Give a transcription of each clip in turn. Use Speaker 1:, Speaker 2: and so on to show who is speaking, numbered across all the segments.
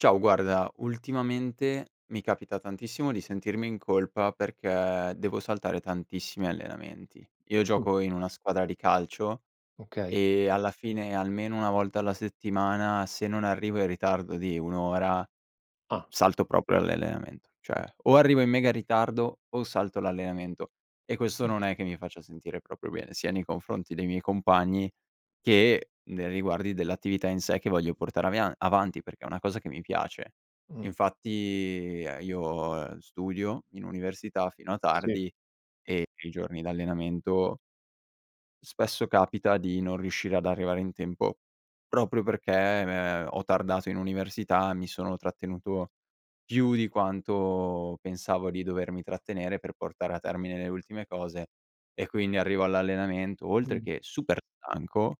Speaker 1: Ciao, guarda ultimamente mi capita tantissimo di sentirmi in colpa, perché devo saltare tantissimi allenamenti. Io
Speaker 2: Mh.
Speaker 1: gioco in una squadra di calcio
Speaker 2: Okay.
Speaker 1: e, alla fine, almeno 1 volta alla settimana, se non arrivo in ritardo di 1 ora, uhm,
Speaker 2: Ah.
Speaker 1: salto proprio l'allenamento. Cioè, o arrivo in mega ritardo o salto l'allenamento. E questo
Speaker 2: Mh.
Speaker 1: non è che mi faccia sentire proprio bene, sia nei confronti dei miei compagni, che nei riguardi dell'attività in sé che voglio portare avia avanti perché è una cosa che mi piace.
Speaker 2: Mh.
Speaker 1: Infatti io studio in università fino a
Speaker 2: Sì.
Speaker 1: tardi e i giorni d'allenamento spesso capita di non riuscire ad arrivare in tempo proprio perché m è ho tardato in università, mi sono trattenuto più di quanto pensavo di dovermi trattenere, per portare a termine le ultime cose. E quindi arrivo all'allenamento, oltre
Speaker 2: Mh.
Speaker 1: che super stanco,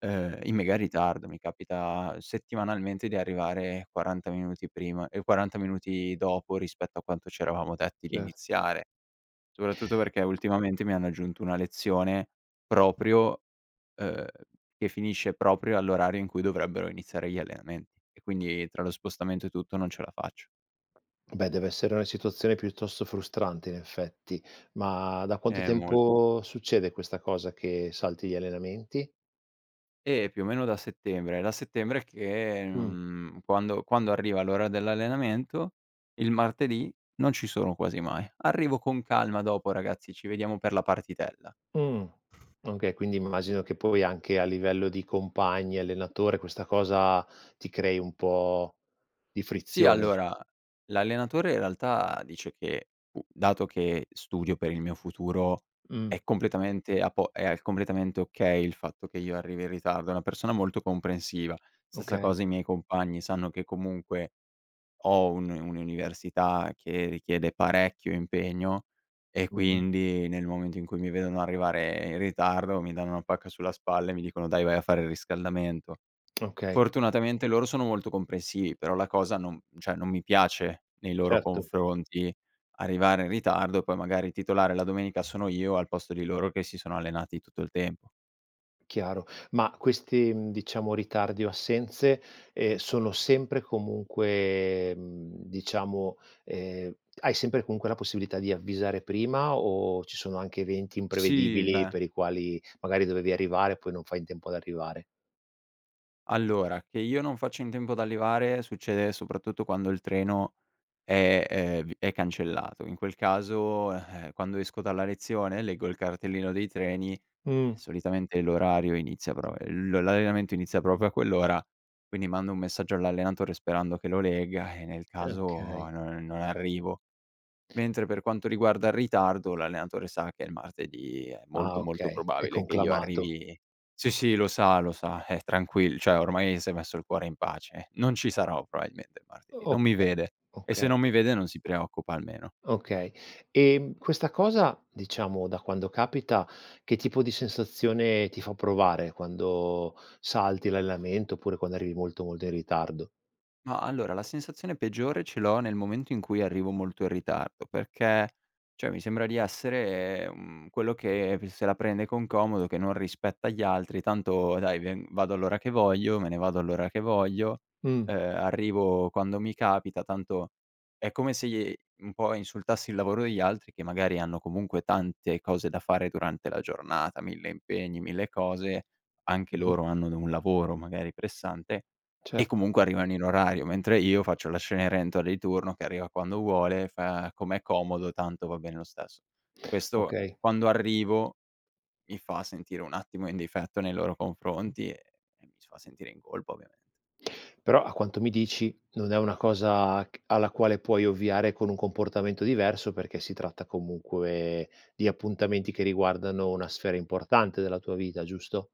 Speaker 1: ehm, in mega ritardo. Mi capita settimanalmente di arrivare 40 minuti prima, ehm 40 minuti dopo, rispetto a quanto c'eravamo detti di
Speaker 2: Certo.
Speaker 1: iniziare. Soprattutto perché ultimamente mi hanno aggiunto una lezione proprio uhm, che finisce proprio all'orario in cui dovrebbero iniziare gli allenamenti. E quindi tra lo spostamento e tutto non ce la faccio.
Speaker 2: Beh dev'essere una situazione piuttosto frustrante in effetti, ma da quanto
Speaker 1: Eh, molto.
Speaker 2: tempo succede questa cosa che salti gli allenamenti?
Speaker 1: Eh, più o meno da settembre. È da settembre che,
Speaker 2: Mh.
Speaker 1: mhmm, quando quando arriva l'ora dell'allenamento il martedì, non ci sono quasi mai. Arrivo con calma dopo, "ragazzi, ci vediamo per la partitella".
Speaker 2: Mh. Okay, quindi immagino che poi anche a livello di compagni, allenatore, questa cosa ti crei un po' di
Speaker 1: Sì,
Speaker 2: frizione?
Speaker 1: allora, l'allenatore in realtà dice che, uhm dato che studio per il mio futuro
Speaker 2: Mh.
Speaker 1: è completamente a po è al completamente okay, il fatto che io arrivi in ritardo. È una persona molto comprensiva. Stessa
Speaker 2: Okay.
Speaker 1: cosa i miei compagni, sanno che comunque ho un un'università che richiede parecchio impegno e
Speaker 2: Mh-mh.
Speaker 1: quindi, nel momento in cui mi vedono arrivare in ritardo, mi danno una pacca sulla spalla e mi dicono: "Dai vai a fare il riscaldamento".
Speaker 2: Okay.
Speaker 1: Fortunatamente loro sono molto comprensivi però la cosa non cioè non mi piace nei loro
Speaker 2: Certo.
Speaker 1: confronti, arrivare in ritardo, poi magari titolare la domenica sono io, al posto di loro che si sono allenati tutto il tempo.
Speaker 2: Chiaro ma questi, uhm, diciamo, ritardi o assenze, ehm, sono sempre e comunque, mhmm, diciamo ehm, hai sempre comunque la possibilità di avvisare prima o ci sono anche eventi
Speaker 1: Sì,
Speaker 2: imprevedibili
Speaker 1: beh
Speaker 2: per i quali magari dovevi arrivare, poi non fai in tempo ad arrivare?
Speaker 1: Allora che io non faccio in tempo ad arrivare, succede soprattutto quando il treno è ehm, è v è cancellato. In quel caso, eh, quando esco dalla lezione, leggo il cartellino dei treni e
Speaker 2: Mh.
Speaker 1: solitamente l'orario inizia però, uhm, l l'allenamento inizia proprio a quell'ora. Quindi mando un messaggio all'allenatore sperando che lo legga, eh, nel
Speaker 2: E
Speaker 1: caso no
Speaker 2: okay.
Speaker 1: non non arrivo. Mentre per quanto riguarda il ritardo, l'allenatore sa che il martedì è
Speaker 2: Ah,
Speaker 1: molto, molto
Speaker 2: okay è
Speaker 1: probabile che io
Speaker 2: conclamato.
Speaker 1: arrivi sì, sì lo sa, lo sa è tranquill cioè ormai s'è messo il cuore in pace, non ci sarò probabilmente il martedì.
Speaker 2: O
Speaker 1: Non mi
Speaker 2: okay,
Speaker 1: vede. E se
Speaker 2: okay.
Speaker 1: non mi vede non si preoccupa almeno.
Speaker 2: Okay, ehm, questa cosa diciamo da quando capita, che tipo di sensazione ti fa provare quando salti l'allenamento, oppure quando arrivi molto, molto in ritardo?
Speaker 1: Ma allora la sensazione peggiore ce l'ho nel momento in cui arrivo molto in ritardo, perché cioè mi sembra di essere, mhmm, quello che se la prende con comodo che non rispetta gli altri, tanto dai ve vado all'ora che voglio, me ne vado all'ora che voglio,
Speaker 2: Mh.
Speaker 1: ehm, arrivo quando mi capita, tanto è come se i un po' insultassi il lavoro degli altri, che magari hanno comunque tante cose da fare durante la giornata 1000 impegni, 1000 cose. Anche
Speaker 2: Mh-mh.
Speaker 1: loro hanno un lavoro magari pressante e
Speaker 2: Certo.
Speaker 1: comunque arrivano in orario, mentre io faccio la Cenerentola di turno, che arriva quando vuole, fa com'è comodo, tanto va bene lo stesso. Questo
Speaker 2: Okay.
Speaker 1: quando arrivo mi fa sentire un attimo in difetto nei loro
Speaker 2: Mh.
Speaker 1: confronti e e mi fa sentire in colpa, ovviamente.
Speaker 2: Però a quanto mi dici non è una cosa c alla quale puoi ovviare con un comportamento diverso, perché si tratta comunque di appuntamenti che riguardano una sfera importante della tua vita, giusto?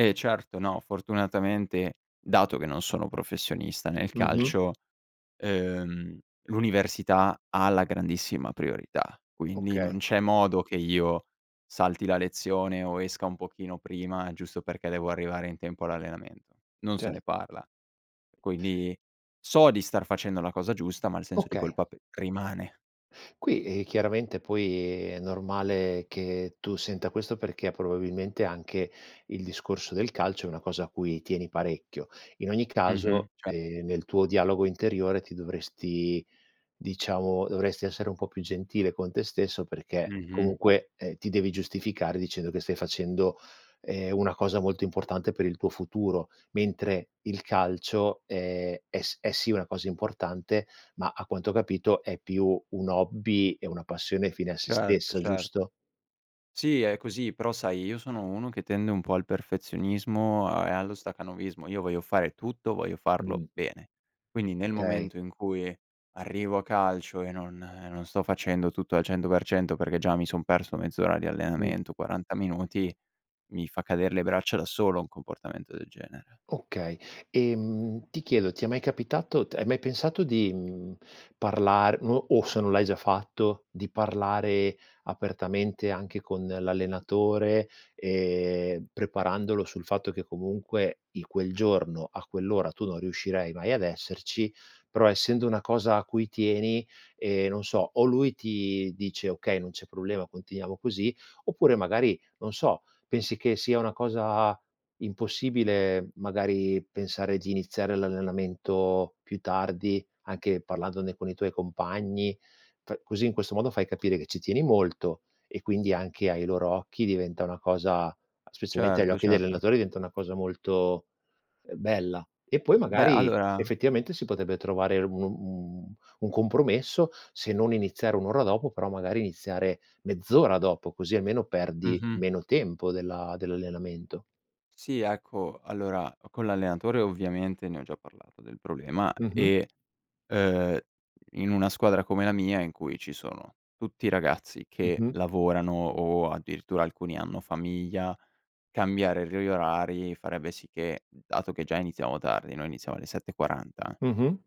Speaker 1: Eh, certo, no, fortunatamente dato che non sono professionista nel
Speaker 2: Mh-mh.
Speaker 1: calcio, ehm, l'università ha la grandissima priorità. Quindi non
Speaker 2: Okay.
Speaker 1: c'è modo che io salti la lezione o esca un pochino prima, giusto perché devo arrivare in tempo all'allenamento. Non se
Speaker 2: Cer
Speaker 1: ne parla. Quindi so di star facendo la cosa giusta, ma il senso di
Speaker 2: Okay.
Speaker 1: colpa p rimane.
Speaker 2: Qui, ehm, chiaramente poi è normale che tu senta questo perché, probabilmente, anche il discorso del calcio è una cosa a cui tieni parecchio. In ogni
Speaker 1: Mh-mh.
Speaker 2: caso,
Speaker 1: Ce
Speaker 2: ehm, nel tuo dialogo interiore ti dovresti diciamo, dovresti essere un po' più gentile con te stesso, perché
Speaker 1: Mh-mh.
Speaker 2: comunque, ehm, ti devi giustificare dicendo che stai facendo, ehm, una cosa molto importante per il tuo futuro, mentre il calcio è è s è sì una cosa importante, ma a quanto ho capito, è più un hobby e una passione fine a se
Speaker 1: Certo,
Speaker 2: stessa,
Speaker 1: certo.
Speaker 2: giusto?
Speaker 1: Sì, è così, però sai, io sono uno che tende un po' al perfezionismo a e allo stacanovismo. Io voglio fare tutto, voglio farlo
Speaker 2: Mh.
Speaker 1: bene. Quindi nel
Speaker 2: Okay.
Speaker 1: momento in cui arrivo a calcio e non non sto facendo tutto al 100% perché già mi son perso mezz'ora di
Speaker 2: Mh.
Speaker 1: allenamento, 40 minuti, mi fa cadere le braccia da solo, un comportamento del genere.
Speaker 2: Okay, ehm, ti chiedo, ti è mai capitato t hai mai pensato di, mhmm, parlar o o se non l'hai già fatto, di parlare apertamente anche con l'allenatore, ehm, preparandolo sul fatto che comunque in quel giorno a quell'ora, tu non riuscirai mai ad esserci, però, essendo una cosa a cui tieni, ehm, non so, o lui ti dice: "Okay, non c'è problema continuiamo così". Oppure magari, non so, pensi che sia una cosa impossibile, magari, pensare di iniziare l'allenamento più tardi, anche parlandone con i tuoi compagni, pr così in questo modo fai capire che ci tieni molto e quindi, anche ai loro occhi, diventa una cosa specialmente agli
Speaker 1: Certo,
Speaker 2: occhi degli
Speaker 1: certo.
Speaker 2: allenatori, diventa una cosa molto, ehm, bella. E poi
Speaker 1: Beh,
Speaker 2: magari,
Speaker 1: allora
Speaker 2: effettivamente, si potrebbe trovare un un un compromesso, se non iniziare 1 ora dopo però magari iniziare mezz'ora dopo, così almeno perdi
Speaker 1: Mh-mh.
Speaker 2: meno tempo dell'a dell'allenamento.
Speaker 1: Sì, ecco, allora, con l'allenatore ovviamente ne ho già parlato del problema
Speaker 2: Mh-mh.
Speaker 1: e, uhm, in una squadra come la mia in cui ci sono tutti ragazzi che
Speaker 2: Mh-mh.
Speaker 1: lavorano o, addirittura, alcuni hanno famiglia, cambiare re gli orari farebbe sì che, dato che già iniziamo tardi noi iniziamo alle 7:40
Speaker 2: Mh-mh.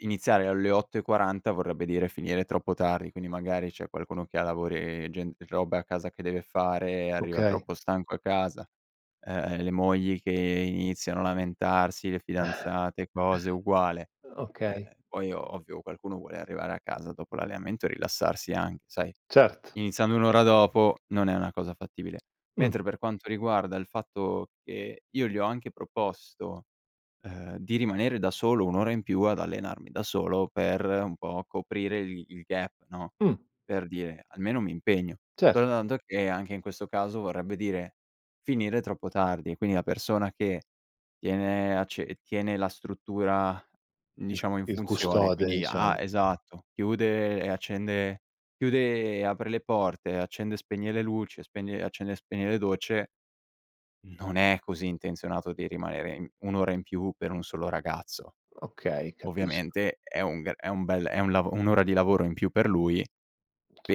Speaker 1: iniziare alle 8:40 vorrebbe dire finire troppo tardi. Quindi magari c'è qualcuno che ha lavori gen e robe a casa che deve fare, arriva
Speaker 2: Okay.
Speaker 1: troppo stanco a casa. Eh, eh, le mogli che iniziano a lamentarsi, le fidanzate e cose, uguale. Eh,
Speaker 2: Okay.
Speaker 1: poi ovvio qualcuno vuole arrivare a casa dopo l'allenamento e rilassarsi anche, sai?
Speaker 2: Certo.
Speaker 1: Iniziando 1 ora dopo non è una cosa fattibile,
Speaker 2: Mh.
Speaker 1: mentre per quanto riguarda il fatto che io gli ho anche proposto, ehm, di rimanere da solo 1 ora in più ad allenarmi da solo per un po' coprire il il gap no,
Speaker 2: Mh.
Speaker 1: per dire, almeno m'impegno.
Speaker 2: Cer
Speaker 1: Soltanto che, anche in questo caso, vorrebbe dire finire troppo tardi, quindi la persona che tiene acce tiene la struttura,
Speaker 2: Il
Speaker 1: diciamo, in
Speaker 2: il
Speaker 1: funzione
Speaker 2: custode,
Speaker 1: quindi ha
Speaker 2: diciamo.
Speaker 1: esatto, chiude e accende chiude e apre le porte, accende e spegne le luci, spegne e accende e spegne le docce, non è così intenzionato di rimanere i 1 ora in più per 1 solo ragazzo.
Speaker 2: Okay, capisco.
Speaker 1: Ovviamente è un g è un bel è un lavo 1 ora di lavoro in più per lui,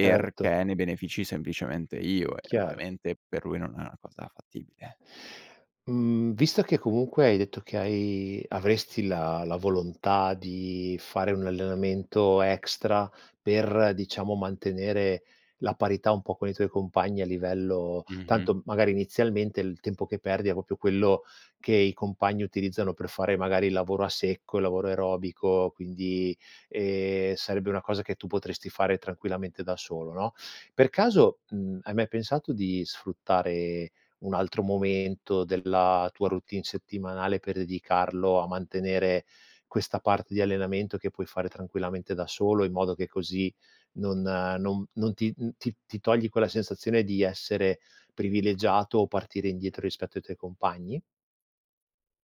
Speaker 2: Erto.
Speaker 1: ne benefici semplicemente io e
Speaker 2: Chiaro.
Speaker 1: ovviamente per lui non è una cosa fattibile.
Speaker 2: Mhmm, visto che comunque hai detto che hai avresti la la volontà di fare un allenamento extra per diciamo, mantenere la parità un po' con i tuoi compagni a livello
Speaker 1: Mh-mh.
Speaker 2: tanto magari inizialmente il tempo che perdi è proprio quello che i compagni utilizzano per fare magari il lavoro a secco, il lavoro aerobico, quindi, ehm, sarebbe una cosa che tu potresti fare tranquillamente da solo no? Per caso, mhmm, hai mai pensato di sfruttare un altro momento della tua routine settimanale, per dedicarlo a mantenere questa parte di allenamento, che puoi fare tranquillamente da solo, in modo che così non non non ti n ti ti togli quella sensazione di essere privilegiato o partire indietro, rispetto ai tuoi compagni?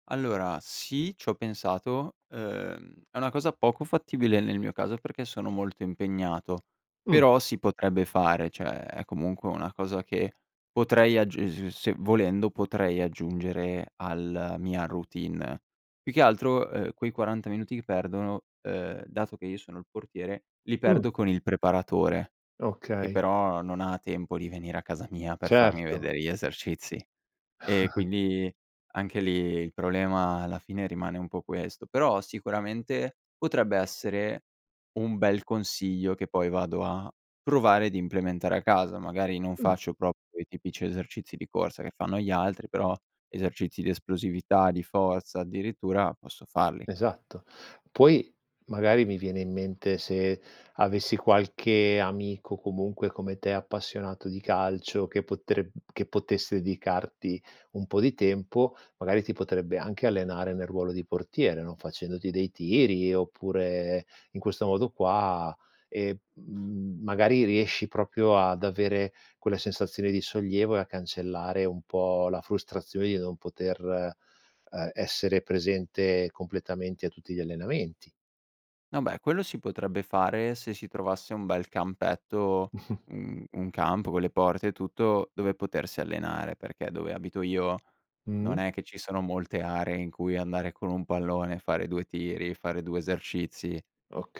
Speaker 1: Allora, sì, c'ho pensato, uhm, è una cosa poco fattibile nel mio caso, perché sono molto impegnato,
Speaker 2: Mh.
Speaker 1: però si potrebbe fare, cioè, è comunque una cosa che potrei aggiu [unintelligible] volendo potrei aggiungere alla mia routine. Più che altro, uhm, quei 40 minuti che perdono uhm, dato che io sono il portiere, li
Speaker 2: Mh.
Speaker 1: perdo con il preparatore, che
Speaker 2: Okay.
Speaker 1: però non ha tempo di venire a casa mia per farmi
Speaker 2: Certo.
Speaker 1: vedere gli esercizi. E quindi anche lì il problema alla fine rimane un po' questo. Però sicuramente potrebbe essere un bel consiglio, che poi vado a provare d'implementare a casa. Magari non
Speaker 2: Mh.
Speaker 1: faccio proprio i tipici esercizi di corsa che fanno gli altri, però esercizi di esplosività, di forza addirittura, posso farli.
Speaker 2: Esatto. Poi magari, mi viene in mente, se avessi qualche amico comunque come te, appassionato di calcio che potreb che potesse dedicarti un po' di tempo, magari ti potrebbe anche allenare nel ruolo di portiere, no, facendoti dei tiri, oppure in questo modo qua e, mhmm, magari riesci proprio ad avere quella sensazione di sollievo e a cancellare un po' la frustrazione di non poter, ehm, essere presente completamente a tutti gli allenamenti.
Speaker 1: Vabbè quello si potrebbe fare se si trovasse un bel campetto, un un campo con le porte e tutto, dove potersi allenare, perché dove abito io non
Speaker 2: Mh-mh.
Speaker 1: è che ci sono molte aree in cui andare con un pallone, fare 2 tiri fare 2 esercizi.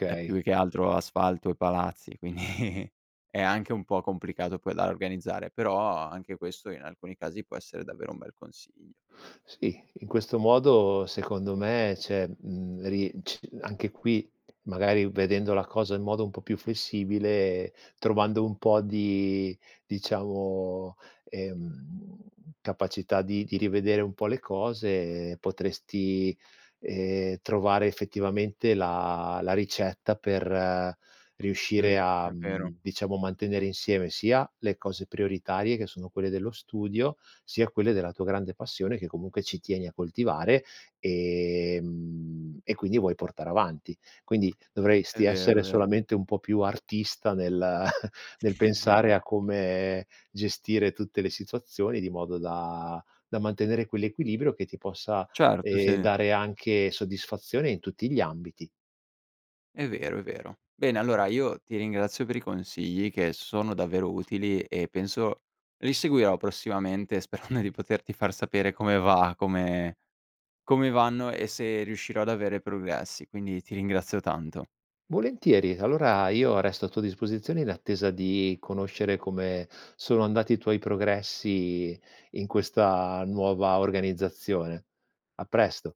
Speaker 1: È più che altro asfalto e palazzi quindi, è anche un po' complicato poi da organizzare, però anche questo, in alcuni casi, può essere davvero un bel consiglio.
Speaker 2: Sì, in questo modo secondo me c'è, mhmm, ri ci anche qui magari, vedendo la cosa in modo un po' più flessibile, trovando un po' di, diciamo, ehm, capacità di di rivedere un po' le cose, potresti, ehm, trovare effettivamente la la ricetta per
Speaker 1: Mh,
Speaker 2: riuscire a,
Speaker 1: è vero.
Speaker 2: mhmm, diciamo, mantenere insieme, sia le cose prioritarie, che sono quelle dello studio, sia quelle della tua grande passione, che comunque ci tieni a coltivare e mhmm, e quindi vuoi portare avanti. Quindi
Speaker 1: È
Speaker 2: dovresti
Speaker 1: vero,
Speaker 2: essere
Speaker 1: è vero.
Speaker 2: solamente un po' più artista nel nel pensare a come gestire tutte le situazioni di modo da da mantenere quell'equilibrio che ti possa,
Speaker 1: Certo,
Speaker 2: ehm,
Speaker 1: sì.
Speaker 2: dare anche soddisfazione in tutti gli ambiti.
Speaker 1: È vero, è vero. Bene allora io ti ringrazio per i consigli, che sono davvero utili e penso li seguirò prossimamente, sperando di poterti far sapere come va, come come vanno e se riuscirò ad avere progressi, quindi ti ringrazio tanto.
Speaker 2: Volentieri, allora io resto a tua disposizione in attesa di conoscere come sono andati i tuoi progressi in questa nuova organizzazione. A presto.